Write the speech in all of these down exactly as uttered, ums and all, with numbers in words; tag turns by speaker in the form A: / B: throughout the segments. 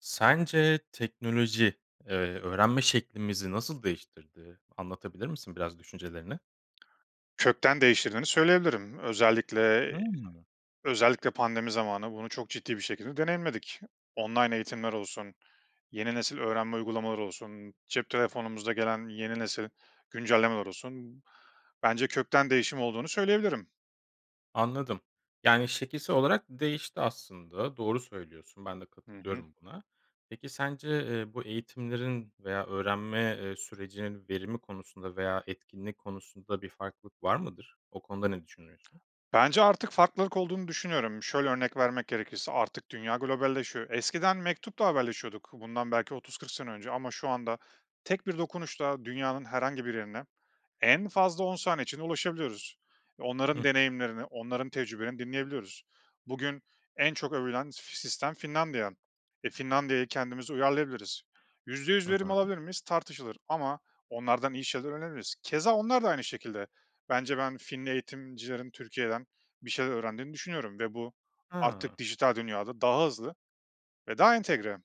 A: Sence teknoloji, eee, öğrenme şeklimizi nasıl değiştirdi, anlatabilir misin biraz düşüncelerini?
B: Kökten değiştirdiğini söyleyebilirim. Özellikle
A: Hımm.
B: özellikle pandemi zamanı bunu çok ciddi bir şekilde deneyimledik. Online eğitimler olsun, yeni nesil öğrenme uygulamaları olsun, cep telefonumuza gelen yeni nesil güncellemeler olsun. Bence kökten değişim olduğunu söyleyebilirim.
A: Anladım. Yani, şekilsel olarak değişti aslında, doğru söylüyorsun, ben de
B: Hı hı.
A: katılıyorum buna. Peki sence, eee, bu eğitimlerin veya öğrenme, eee, sürecinin verimi konusunda veya etkinliği konusunda bir farklılık var mıdır? O konuda ne düşünüyorsun?
B: Bence artık farklılık olduğunu düşünüyorum. Şöyle örnek vermek gerekirse: Artık dünya globalleşiyor, eskiden mektupla haberleşiyorduk bundan belki otuz kırk sene önce ama şu anda tek bir dokunuşla dünyanın herhangi bir yerine en fazla on saniye içinde ulaşabiliyoruz.
A: Hı
B: Onların
A: hı.
B: deneyimlerini, onların tecrübelerini dinleyebiliyoruz. Bugün en çok övülen f sistem Finlandiya. E, Finlandiya'ya kendimize uyarlayabiliriz. yüzde yüz
A: Hı
B: verim
A: hı.
B: alabilir miyiz? Tartışılır ama onlardan iyi şeyler öğrenebiliriz. Keza onlar da aynı şekilde. Bence ben Finli eğitimcilerin Türkiye'den bir şeyler öğrendiğini düşünüyorum ve bu
A: Ha.
B: artık dijital dünyada daha hızlı ve daha entegre.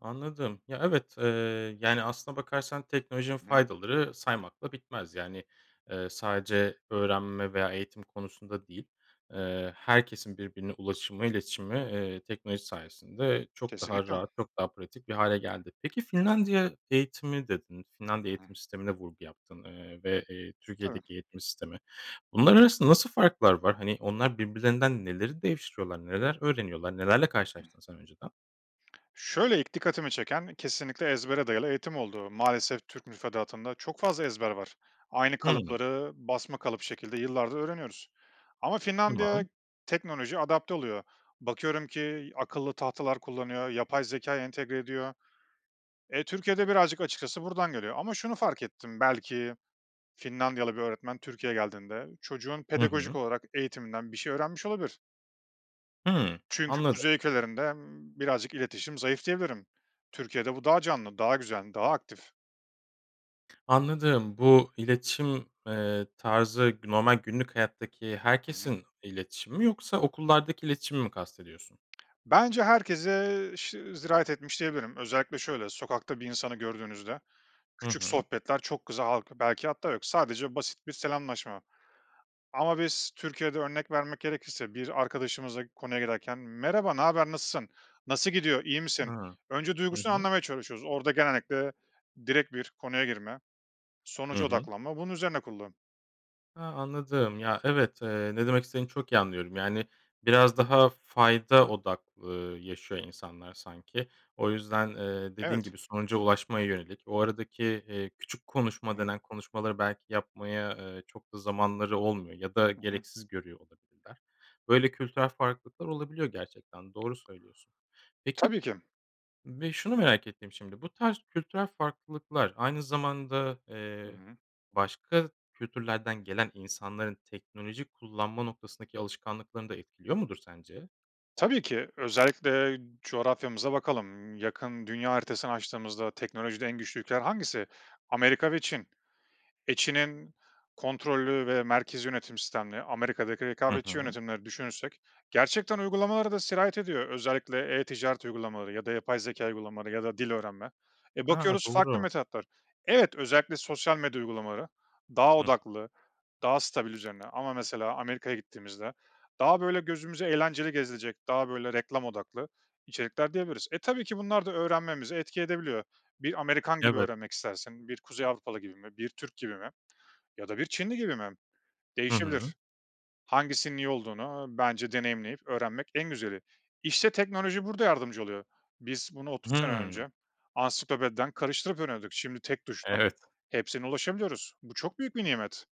A: Anladım. Ya evet, eee, yani aslına bakarsan teknolojinin
B: [unintelligible]
A: faydaları saymakla bitmez. Yani, eee, sadece öğrenme veya eğitim konusunda değil, eee, herkesin birbirine ulaşımı, iletişimi, eee, teknoloji sayesinde çok daha
B: Kesinlikle.
A: rahat, çok daha pratik bir hâle geldi. Peki Finlandiya eğitimi dedin,
B: Hı
A: Finlandiya
B: hı.
A: eğitim sistemine vurgu yaptın, eee, ve, eee,
B: Tabii.
A: Türkiye'deki eğitim sistemi. Bunlar arasında nasıl farklar var? Hani onlar birbirlerinden neleri değiştiriyorlar, neler öğreniyorlar, nelerle karşılaştın sen önceden?
B: Şöyle ilk dikkatimi çeken kesinlikle ezbere dayalı eğitim oldu. Maalesef Türk müfredatında çok fazla ezber var. Aynı
A: Hımm.
B: kalıpları basma kalıp şekilde yıllardır öğreniyoruz ama
A: Tamam.
B: Finlandiya teknolojiye adapte oluyor. Bakıyorum ki akıllı tahtalar kullanıyor, yapay zekâ entegre ediyor. Eee, Türkiye'de birazcık açıkçası buradan geliyor ama şunu fark ettim belki Finlandiyalı bir öğretmen Türkiye geldiğinde çocuğun
A: Hı
B: pedagojik
A: hı.
B: olarak eğitiminden bir şey öğrenmiş olabilir.
A: Hımm,
B: Çünkü
A: anladım.
B: kuzey ülkelerinde, emm, birazcık iletişim zayıf diyebilirim. Türkiye'de bu daha canlı, daha güzel, daha aktif.
A: Anladım. Bu iletişim, eee, tarzı g normal günlük hayattaki
B: Hı hı.
A: herkesin iletişimi mi yoksa okullardaki iletişimi mi kastediyorsun?
B: Bence herkese şı zirayet etmiş diyebilirim. Özellikle şöyle: Sokakta bir insanı gördüğünüzde,
A: Hı
B: küçük
A: hı.
B: sohbetler çok [unintelligible] halk belki hatta yok, sadece basit bir selamlaşma. Ama biz Türkiye'de, örnek vermek gerekirse, bir arkadaşımızla konuya girerken, "Merhaba, ne haber, nasılsın, nasıl gidiyor, iyi
A: A.
B: misin?" Önce
A: Hı
B: duygusunu
A: hı.
B: anlamaya çalışıyoruz. Orada genellikle direkt bir konuya girme,
A: Hı
B: sonuca
A: hı.
B: odaklanma, bunun üzerine kurulu.
A: Ha, anladım ya, evet, eee, ne demek istediğini çok iyi anlıyorum. Yani, biraz
B: Hı hı.
A: daha fayda odak, ııı, yaşıyor insanlar sanki. O yüzden, eee, dediğin
B: Evet.
A: gibi sonuca ulaşmaya yönelik o aradaki, eee, küçük konuşma
B: Hı hı.
A: denen konuşmaları belki yapmaya, eee, çok da zamanları olmuyor ya da
B: Hı hı.
A: gereksiz görüyor olabilirler. Böyle kültürel farklılıklar olabiliyor, gerçekten doğru söylüyorsun. Peki
B: Tabii ki.
A: ve şunu merak ettim, şimdi bu tarz kültürel farklılıklar aynı zamanda,
B: Hı
A: eee,
B: hı.
A: başka kültürlerden gelen insanların teknoloji kullanma noktasındaki alışkanlıklarını da etkiliyor mudur sence?
B: Tabii ki. Özellikle coğrafyamıza bakalım. Yakın, dünya haritasını açtığımızda teknolojide en güçlü ülkeler hangisi? Amerika ve Çin. E, Çin'in kontrollü ve merkezî yönetim sistemli, Amerika'daki
A: Hı
B: rekabetçi
A: hı.
B: yönetimleri düşünürsek gerçekten uygulamalara da sirayet ediyor. Özellikle e-ticaret uygulamaları ya da yapay zekâ uygulamaları ya da dil öğrenme. E,
A: A!
B: bakıyoruz farklı
A: Doğru.
B: metotlar. Evet, özellikle sosyal medya uygulamaları daha
A: Hıı.
B: odaklı, daha stabil üzerine ama mesela Amerika'ya gittiğimizde daha böyle gözümüze eğlenceli gezilecek, daha böyle reklam odaklı içerikler diyebiliriz. E, tabii ki bunlar da öğrenmemize etki edebiliyor. Bir Amerikan gibi
A: Evet.
B: öğrenmek istersin, bir Kuzey Avrupalı gibi mi, bir Türk gibi mi ya da bir Çinli gibi mi?
A: Hı hı.
B: Değişebilir. Hangisinin iyi olduğunu bence deneyimleyip öğrenmek en güzeli. İşte teknoloji burada yardımcı oluyor. Biz bunu otuz sene
A: Hımm.
B: önce ansiklopediden karıştırıp öğreniyorduk. Şimdi tek tuşla
A: Evet.
B: hepsine ulaşabiliyoruz. Bu çok büyük bir nimet.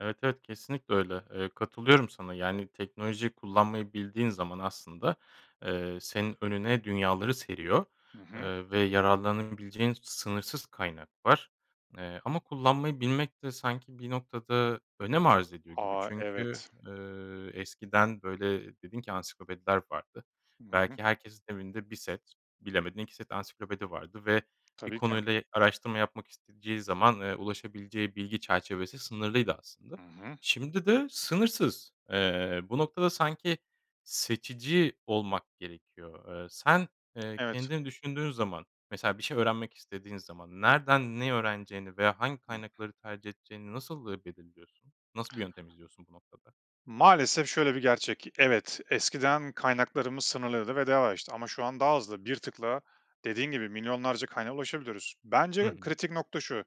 A: Evet, evet, kesinlikle öyle. Eee, katılıyorum sana. Yani, teknolojiyi kullanmayı bildiğin zaman aslında, eee, senin önüne dünyaları seriyor,
B: Hı hı.
A: eee, ve yararlanabileceğin sınırsız kaynak var, eee, ama kullanmayı bilmek de sanki bir noktada önem arz ediyor gibi.
B: A!
A: Çünkü,
B: Evet.
A: eee, eskiden, böyle, dedin ki ansiklopediler vardı.
B: Hı hı.
A: Belki herkesin evinde bir set, bilemedin iki set ansiklopedi vardı ve bir
B: Tabii ki.
A: konuyla araştırma yapmak isteyeceği zaman, eee, ulaşabileceği bilgi çerçevesi sınırlıydı aslında.
B: Hı hı.
A: Şimdi de sınırsız. Eee, bu noktada sanki seçici olmak gerekiyor. Eee, sen, eee,
B: Evet.
A: kendini düşündüğün zaman, mesela bir şey öğrenmek istediğin zaman, nereden ne öğreneceğini veya hangi kaynakları tercih edeceğini nasıl, eee, belirliyorsun? Nasıl bir yöntem izliyorsun bu noktada?
B: Maalesef şöyle bir gerçek: Evet, eskiden kaynaklarımız sınırlıydı ve daha yavaştı. Ama şu an daha hızlı. Bir tıkla, dediğin gibi milyonlarca kaynağa ulaşabiliyoruz.
A: Hı
B: Bence
A: hı.
B: kritik nokta şu,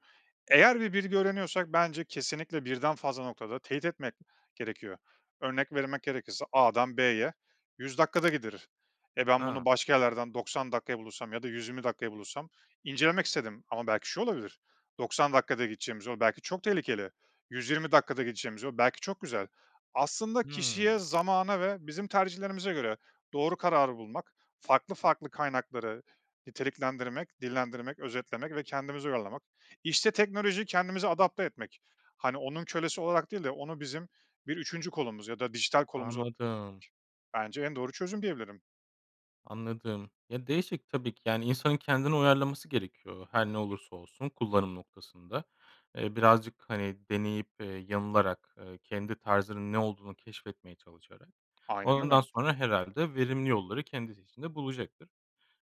B: eğer bir bilgi öğreniyorsak bence kesinlikle birden fazla noktada teyit etmek gerekiyor. Örnek vermek gerekirse A'dan B'ye yüz dakikada gidilir. E, ben bunu
A: A!
B: başka yerlerden doksan dakikaya bulursam ya da yüz yirmi dakikaya bulursam incelemek istedim. Ama belki şu olabilir, doksan dakikada gideceğimiz yol belki çok tehlikeli, yüz yirmi dakikada gideceğimiz yol belki çok güzel. Aslında kişiye,
A: Hıı.
B: zamana ve bizim tercihlerimize göre doğru kararı bulmak, farklı farklı kaynakları niteliklendirmek, dillendirmek, özetlemek ve kendimize uyarlamak. İşte, teknolojiyi kendimize adapte etmek. Hani, onun kölesi olarak değil de onu bizim bir üçüncü kolumuz ya da dijital kolumuz ol
A: Anladım.
B: Bence en doğru çözüm diyebilirim.
A: Anladım. Ya, değişik. Tabii ki, yani, insanın kendini uyarlaması gerekiyor, her ne
B: [unintelligible]
A: olursa olsun kullanım noktasında, eee, birazcık, hani, deneyip, eee, yanılarak, eee, kendi tarzının ne olduğunu keşfetmeye çalışarak.
B: Aynen
A: Ondan
B: öyle.
A: sonra herhâlde verimli yolları kendisi için de bulacaktır.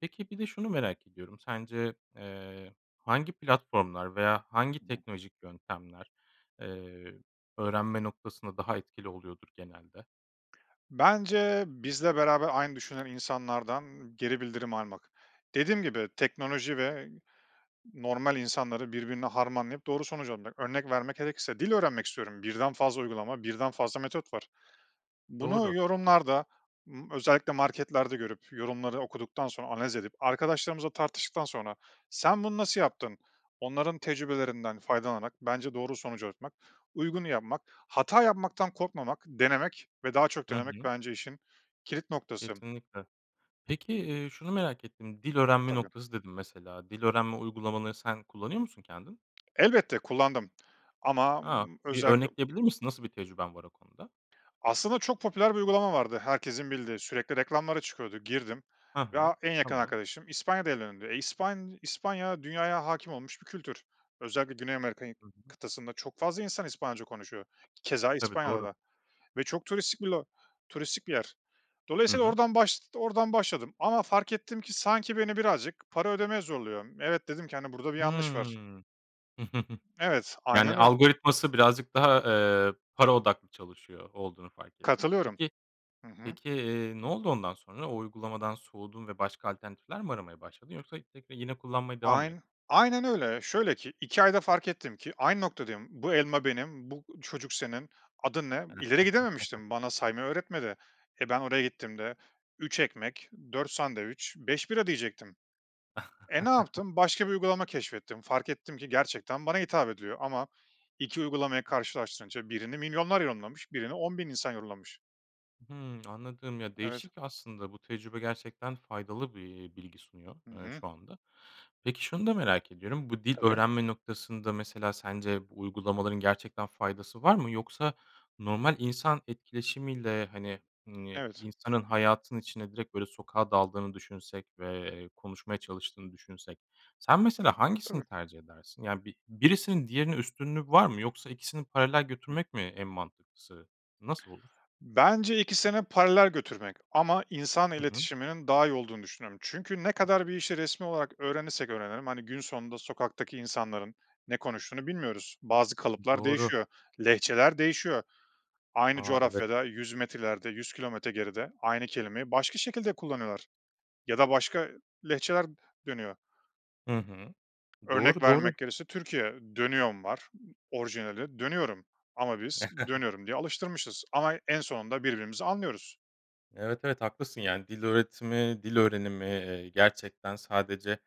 A: Peki, bir de şunu merak ediyorum, sence, eee, hangi platformlar veya hangi
B: Hı hı.
A: teknolojik yöntemler, eee, öğrenme noktasında daha etkili oluyordur genelde?
B: Bence bizle beraber aynı düşünen insanlardan geri bildirim almak. Dediğim gibi teknoloji ve normal insanları birbirine harmanlayıp doğru sonucu. [unintelligible] Örnek vermek gerekirse dil öğrenmek istiyorum, birden fazla uygulama, birden fazla metot var. Bunu
A: Doğru.
B: yorumlarda, ımm, özellikle marketlerde görüp yorumları okuduktan sonra analiz edip arkadaşlarımızla tartıştıktan sonra, "Sen bunu nasıl yaptın?" Onların tecrübelerinden faydalanarak bence doğru sonuca ulaşmak, uygunu yapmak, hata yapmaktan korkmamak, denemek ve daha çok
A: Hı
B: denemek
A: hı.
B: bence işin kilit noktası.
A: Kesinlikle. Peki, eee, şunu merak ettim, "dil öğrenme
B: Tabii.
A: noktası" dedin mesela. Dil öğrenme uygulamalarını sen kullanıyor musun kendin?
B: Elbette, kullandım. Ama
A: A! Bir
B: özellikle
A: örnekleyebilir misin, nasıl bir tecrüben var o konuda?
B: Aslında çok popüler bir uygulama vardı herkesin bildiği, sürekli reklamları çıkıyordu. Girdim
A: Ha
B: ve
A: ha,
B: a en yakın
A: tamam.
B: arkadaşım İspanya'da evlendi. E, İspan İspanya dünyaya hâkim olmuş bir kültür. Özellikle Güney Amerika'yı
A: Hı hı.
B: kıtasında çok fazla insan İspanyolca konuşuyor. Keza
A: Tabii,
B: İspanya'da
A: doğru.
B: da. Ve çok turistik bir lo turistik bir yer.
A: Hı
B: Dolayısıyla
A: hı.
B: oradan başt oradan başladım ama fark ettim ki sanki beni birazcık para ödemeye zorluyor. "Evet," dedim ki, hani, "burada bir yanlış var."
A: Hımm.
B: Evet,
A: Yani,
B: aynen o.
A: algoritması birazcık daha, eee, para odaklı çalışıyor olduğunu fark ettin.
B: Katılıyorum.
A: Peki
B: Hı hı.
A: peki, eee, ne oldu ondan sonra? O uygulamadan soğudun ve başka alternatifler mi aramaya başladın yoksa tekrar yine kullanmaya devam mı ettin?
B: Ayn aynen öyle. Şöyle ki iki ayda fark ettim ki aynı noktadayım. "Bu elma benim, bu çocuk senin, adın ne?" İleri gidememiştim. Bana saymayı öğretmedi. E, ben oraya gittiğimde, "üç ekmek, dört sandviç, beş bira" diyecektim. E, ne yaptım? Başka bir uygulama keşfettim, fark ettim ki gerçekten bana hitap ediyor. Ama iki uygulamayı karşılaştırınca birini milyonlar yorumlamış, birini on bin insan yorumlamış.
A: Hıı, anladım. Ya,
B: Evet.
A: değişik aslında. Bu tecrübe gerçekten faydalı bir bilgi sunuyor,
B: Hı
A: eee,
B: hı.
A: şu anda. Peki, şunu da merak ediyorum, bu dil
B: Tabii.
A: öğrenme noktasında mesela sence bu uygulamaların gerçekten faydası var mı? Yoksa normal insan etkileşimiyle, hani, iii,
B: Evet.
A: insanın hayatın içine, direkt, böyle, sokağa daldığını düşünsek ve, eee, konuşmaya çalıştığını düşünsek sen mesela
B: Tabii.
A: hangisini tercih edersin? Yani, bi birisinin diğerine üstünlüğü var mı? Yoksa ikisini paralel
B: Hı.
A: götürmek mi en mantıklısı, nasıl olur?
B: Bence ikisini paralel götürmek. Ama insan
A: Hı hı.
B: iletişiminin daha iyi olduğunu düşünüyorum. Çünkü ne kadar bir işi resmî olarak öğrenirsek öğrenelim, hani, gün sonunda sokaktaki insanların ne konuştuğunu bilmiyoruz. Bazı kalıplar
A: Doğru.
B: değişiyor, lehçeler değişiyor. Aynı
A: A! Evet.
B: coğrafyada yüz metre ileride, yüz kilometre geride aynı kelimeyi başka şekilde kullanıyorlar ya da başka lehçeler dönüyor.
A: Hı hı.
B: Örnek
A: Doğru, doğru.
B: vermek gerekirse Türkiye, "dönüyom" var, orijinali "dönüyorum" ama biz "dönüyorum" diye alıştırmışız ama en sonunda birbirimizi anlıyoruz.
A: Evet, evet, haklısın. Yani, dil öğretimi, dil öğrenimi, eee, gerçekten sadece,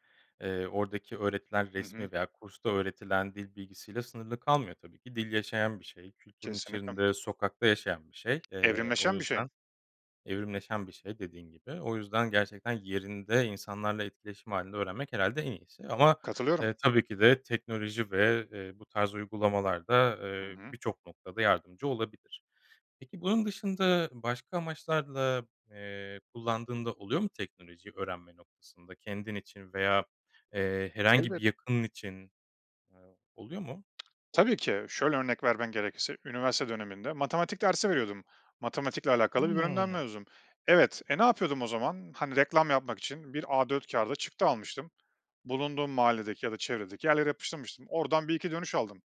A: eee, oradaki öğretilen
B: Hı hı.
A: resmî veya kursta öğretilen dil bilgisiyle sınırlı kalmıyor tabii ki dil yaşayan bir şey, kültürün
B: Kesinlikle.
A: içinde, sokakta yaşayan bir şey. Eee, o
B: Evrimleşen bir şey.
A: yüzden evrimleşen bir şey dediğin gibi. O yüzden gerçekten yerinde, insanlarla etkileşim hâlinde öğrenmek herhâlde en iyisi. Ama,
B: Katılıyorum.
A: eee, tabii ki de teknoloji ve, eee, bu tarz uygulamalar da,
B: Hı
A: eee,
B: hı.
A: birçok noktada yardımcı olabilir. Peki, bunun dışında başka amaçlarla, eee, kullandığın da oluyor mu teknolojiyi öğrenme noktasında? Kendin için veya, eee, herhangi bir
B: Elbet
A: yakının için, eee, oluyor mu?
B: Tabii ki. Şöyle örnek vermem gerekirse üniversite döneminde matematik dersi veriyordum, matematikle alakalı bir bölümden
A: Hıı.
B: mezunum. Evet. E, ne yapıyordum o zaman? Hani, reklam yapmak için bir A4 kağıda çıktı almıştım, bulunduğum mahalledeki ya da çevredeki yerlere yapıştırmıştım. Oradan bir iki dönüş aldım.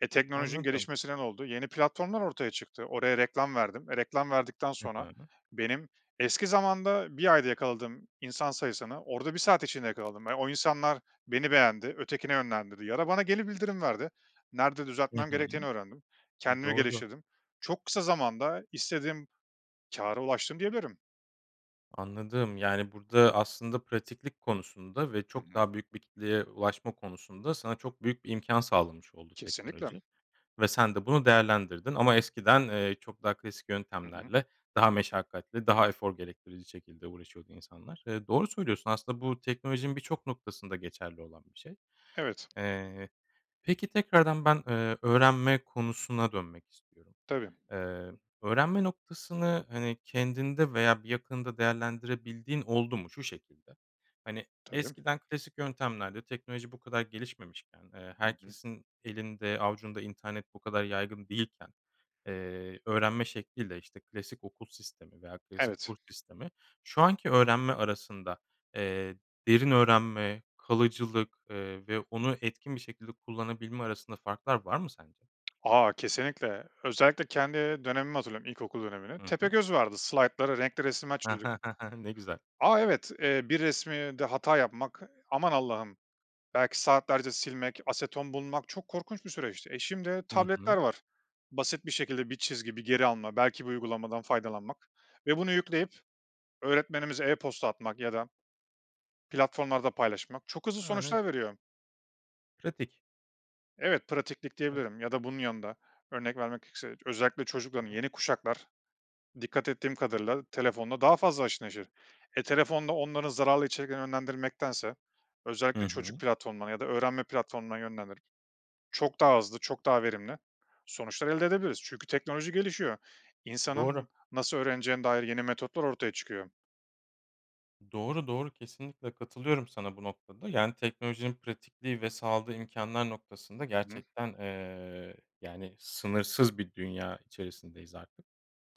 B: E, teknolojinin
A: Anladım.
B: gelişmesiyle ne oldu? Yeni platformlar ortaya çıktı, oraya reklam verdim. E, reklam verdikten
A: Hı
B: sonra
A: hı.
B: benim eski zamanda bir ayda yakaladığım insan sayısını orada bir saat içinde yakaladım. E, o insanlar beni beğendi, ötekine yönlendirdi ya da bana geri bildirim verdi, nerede
A: Hı
B: düzeltmem
A: hı.
B: gerektiğini öğrendim,
A: Hı,
B: kendimi
A: doğru.
B: geliştirdim. Çok kısa zamanda istediğim kâra ulaştım, diyebilirim.
A: Anladım. Yani, burada aslında pratiklik konusunda ve
B: Hı
A: çok
B: hı.
A: daha büyük bir kitleye ulaşma konusunda sana çok büyük bir imkân sağlamış oldu
B: Keslinlikle.
A: teknoloji ve sen de bunu değerlendirdin ama eskiden, eee, çok daha klasik
B: Hı hı.
A: yöntemlerle daha meşakkatli, daha efor gerektirici şekilde uğraşıyordu insanlar. Eee, doğru söylüyorsun, aslında bu teknolojinin birçok noktasında geçerli olan bir şey.
B: Evet.
A: Eee, peki tekrardan ben, eee, öğrenme konusuna dönmek istiyorum.
B: Tabii.
A: Eee, öğrenme noktasını, hani, kendinde veya bir yakınında değerlendirebildiğin oldu mu? Şu şekilde, hani,
B: Tabii.
A: eskiden klasik yöntemlerle teknoloji bu kadar gelişmemişken, eee,
B: Hı hı.
A: herkesin elinde avucunda internet bu kadar yaygın değilken, eee, öğrenme şekliyle, işte, klasik okul sistemi veya klasik
B: Evet.
A: kurs sistemi şu anki öğrenme arasında, eee, derin öğrenme, kalıcılık, eee, ve onu etkin bir şekilde kullanabilme arasında farklar var mı sence?
B: A! Kesinlikle. Özellikle kendi dönemimi hatırlıyorum, ilkokul dönemini.
A: Hı hı.
B: Tepegöz vardı, slaytlara renkli resimler çiziyorduk.
A: Ne güzel.
B: A! Evet, eee, bir resmide hata yapmak, aman Allah'ım belki saatlerce silmek, aseton bulmak çok korkunç bir süreçti. E, şimdi
A: Hı
B: tabletler
A: hı.
B: var. Basit bir şekilde bir çizgi, bir geri alma, belki bir uygulamadan faydalanmak ve bunu yükleyip öğretmenimize e-posta atmak ya da platformlarda paylaşmak çok hızlı
A: A! Ne
B: sonuçlar
A: güzel.
B: veriyor.
A: Pratik.
B: Evet, pratiklik
A: [unintelligible]
B: diyebilirim ya da bunun yanında örnek vermek gerekirse, özellikle
A: Hı
B: çocukların
A: hı.
B: yeni kuşaklar dikkat ettiğim kadarıyla telefonla daha fazla haşır neşir. E, telefonla onları zararlı içeriklere yönlendirmektense
A: Hı
B: özellikle çocuk
A: hı.
B: platformuna ya da öğrenme platformuna yönlendirerek çok daha hızlı, çok daha verimli sonuçlar elde edebiliriz. Çünkü teknoloji gelişiyor.
A: Doğru.
B: İnsanın nasıl öğreneceğine dair yeni metotlar ortaya çıkıyor.
A: Doğru, doğru, kesinlikle katılıyorum sana bu noktada. Yani, teknolojinin pratikliği ve sağladığı imkânlar noktasında
B: I hı.
A: gerçekten, eee, yani, sınırsız bir dünya içerisindeyiz artık.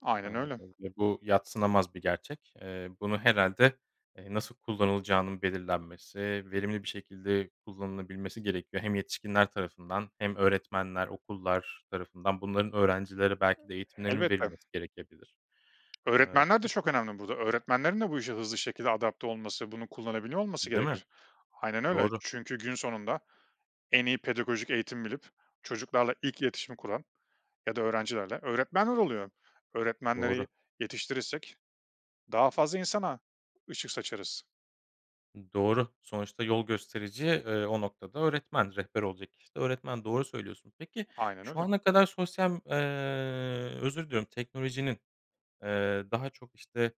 B: Aynen
A: Eee,
B: öyle.
A: tabii ve bu yadsınamaz bir gerçek. Eee, bunu herhâlde, eee, nasıl kullanılacağının belirlenmesi, verimli bir şekilde kullanılabilmesi gerekiyor hem yetişkinler tarafından hem öğretmenler, okullar tarafından. Bunların öğrencilere belki de eğitimlerinin
B: Elbette.
A: verilmesi gerekebilir. Eee,
B: Öğretmenler de çok
A: peki
B: önemli burada. Öğretmenlerin de bu işe hızlı şekilde adapte olması, bunu kullanabiliyor olması
A: Değil mi?
B: gerekir. Aynen öyle.
A: Doğru.
B: Çünkü günün sonunda en iyi pedagojik eğitimi bilip çocuklarla ilk iletişimi kuran ya da öğrencilerle, öğretmenler oluyor.
A: Doğru.
B: Öğretmenleri yetiştirirsek daha fazla insana ışık saçarız.
A: I doğru, sonuçta yol gösterici, eee, o noktada öğretmen, rehber olacak kişi de öğretmen, doğru söylüyorsun. Peki,
B: Aynen
A: şu
B: öyle.
A: ana kadar sosyal ııı, özür diliyorum, teknolojinin, eee, daha çok, işte,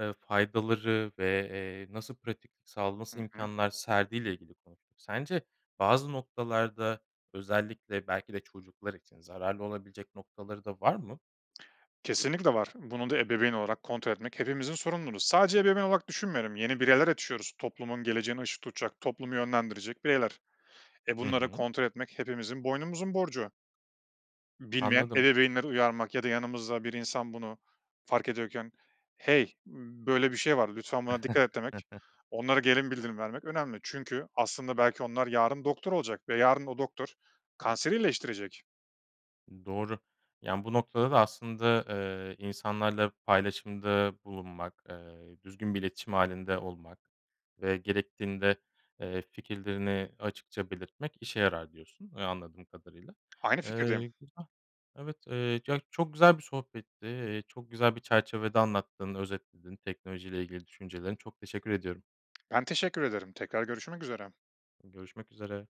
A: eee, faydaları ve, eee, nasıl pratik sağla
B: Hı
A: nasıl
B: hı.
A: imkânlar serdiğiyle ilgili konuştuk. Sence bazı noktalarda özellikle belki de çocuklar için zararlı olabilecek noktaları da var mı?
B: Kesinlikle var. Bunu da ebeveyn olarak kontrol etmek hepimizin sorumluluğu. Sadece ebeveyn olarak düşünmüyorum, yeni bireyler açıyoruz, toplumun geleceğine ışık tutacak, toplumu yönlendirecek bireyler. E,
A: Hı
B: bunları
A: hı.
B: kontrol etmek hepimizin boynumuzun borcu. Bilmeyen
A: Anladım.
B: ebeveynleri uyarmak ya da yanımızda bir insan bunu fark ediyorken "Hey, böyle bir şey var, lütfen buna dikkat et." demek, onlara gelin bildirim vermek önemli çünkü aslında belki onlar yarın doktor olacak ve yarın o doktor kanseri iyileştirecek.
A: I doğru. Yani, bu noktada da aslında, eee, insanlarla paylaşımda bulunmak, eee, düzgün bir iletişim hâlinde olmak ve gerektiğinde, eee, fikirlerini açıkça belirtmek işe yarar diyorsun, eee, anladığım kadarıyla.
B: Aynı fikirdeyim.
A: Eee, güzel, evet, eee, ya çok güzel bir sohbetti, eee, çok güzel bir çerçevede anlattın, özetledin teknoloji ile ilgili düşüncelerini. Çok teşekkür ediyorum.
B: Ben teşekkür ederim, tekrar görüşmek üzere.
A: Görüşmek üzere.